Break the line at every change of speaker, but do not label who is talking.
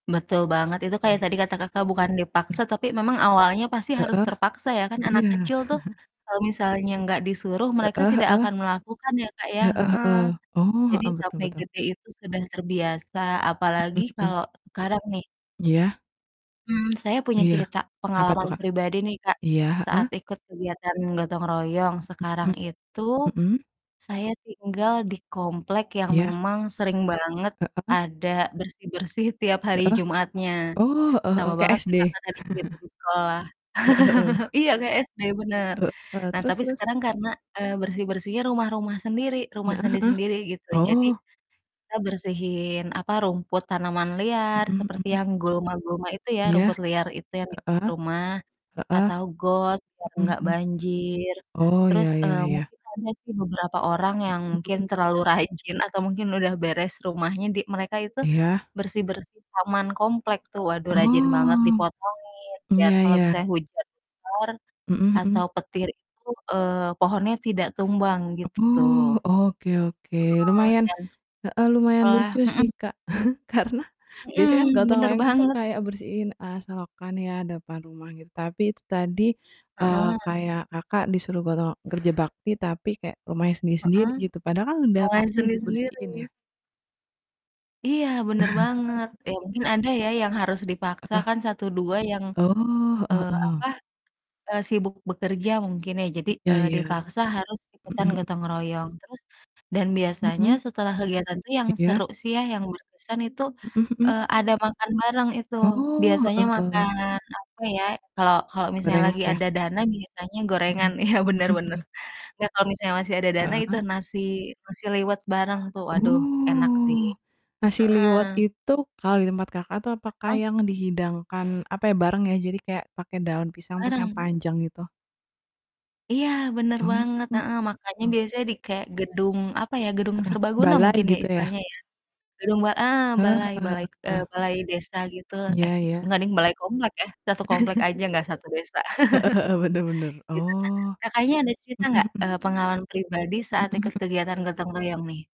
Betul banget, itu kayak
Mmm.
tadi kata Kakak, bukan dipaksa
Mhm.
tapi memang awalnya pasti harus
Heeh,
terpaksa ya, kan anak
iya.
kecil tuh kalau misalnya nggak disuruh, mereka
Heeh
tidak
heeh.
akan melakukan ya, Kak, ya,
Heeh
heeh.
heeh. Oh,
Jadi
heeh, betul
sampai
betul.
gede itu sudah terbiasa, apalagi
Mhm mhm.
kalau sekarang, nih.
Iya.
Mmm, saya punya
Iya.
cerita,
Apa tuh,
pengalaman
Kak?
pribadi nih, Kak,
Iya, heeh.
saat ikut kegiatan gotong royong. Sekarang
Mhm.
itu
Mhm.
saya tinggal di komplek yang
Iya.
memang sering banget
Heeh.
ada bersih-bersih tiap hari
Heeh,
Jumatnya,
oh, heeh
sama
heeh, kayak
banget kayak
SD.
Kakak tadi cerita di sekolah,
Heeh heeh.
Iya, kayak SD, bener.
Heeh,
Nah,
terus
tapi
terus?
sekarang karena, eee, bersih-bersihnya rumah-rumah sendiri, rumah
Heeh heeh,
sendiri-sendiri gitu, jadi
oh.
kita bersihin, apa, rumput, tanaman liar,
Mhm
seperti
mhm.
yang gulma-gulma itu ya,
Iya.
rumput liar itu yang dekat
Heeh,
rumah
heeh,
atau got biar
mhm
gak
mhm.
banjir,
Oh, iya
terus,
iya
eee,
iya.
mungkin ada sih beberapa orang
Mhm
yang mungkin
mhm.
terlalu rajin atau mungkin udah beres rumahnya di mereka itu
Iya.
bersih-bersih taman komplek tuh, waduh, rajin banget,
Oh,
dipotongin biar
iya
kalau misalnya
iya.
hujan besar
Mhm mhm.
atau petir itu, eee, pohonnya tidak tumbang, gitu tuh.
Oh, oke oke,
Heeh,
lumayan
dan
heeh, lumayan
setelah
lucu
mhm.
sih, Kak, karena biasanya kan
Mhm,
gotong
bener
royong itu
banget.
kayak bersihin, eee, selokan ya, depan rumah gitu, tapi itu tadi, eee,
Heeh.
kayak Kakak disuruh gotong kerja bakti, tapi kayak rumahnya sendiri-sendiri
Heeh,
gitu, padahal kan udah
malah yang
pasti dibersihin,
sendiri-sendiri.
ya.
Iya, bener banget, ya mungkin ada ya yang harus dipaksa
Heeh.
kan satu dua yang,
Oh, heeh
eee,
heeh.
apa, eee, sibuk bekerja mungkin, ya. Jadi,
Iya
eee,
iya,
dipaksa harus
mhm
ikutan
mhm.
gotong royong, terus dan biasanya
Mhm.
setelah kegiatan itu yang
Iya.
seru sih ya, yang berkesan itu,
Mhm mhm.
eee, ada makan bareng, itu
Oh,
biasanya
heeh
makan,
heeh.
apa ya, kalau kalau misalnya
Gorengan,
lagi
ya.
ada dana, biasanya gorengan
Mhm.
iya, bener
Mhm
bener,
mhm.
nggak, kalau misalnya masih ada dana itu
Heeh.
nasi nasi liwet bareng, tuh. Waduh, enak sih.
Oh, nasi liwet
Heeh.
itu, kalau di tempat Kakak tuh apakah
Heeh?
yang dihidangkan, apa ya, bareng ya, jadi kayak pakai daun pisang terus yang
Bareng.
panjang gitu?
Iya, bener banget, heeh,
Oh.
makannya biasanya di kayak gedung, apa ya, gedung
Heeh,
serbaguna
balai,
mungkin ya,
gitu ya?
istilahnya ya. Gedung ba ah,
Eh,
balai,
heeh
balai, eee,
heeh.
balai desa gitu, eh,
Iya iya.
gak deng, balai komplek ya, satu komplek aja, gak satu desa.
Heeh heeh, benar benar,
Gitu, nah,
oh.
Kakaknya ada cerita
Mhm
gak,
mhm.
eee, pengalaman pribadi
Mhm
saat ikut
mhm.
kegiatan gotong royong, nih?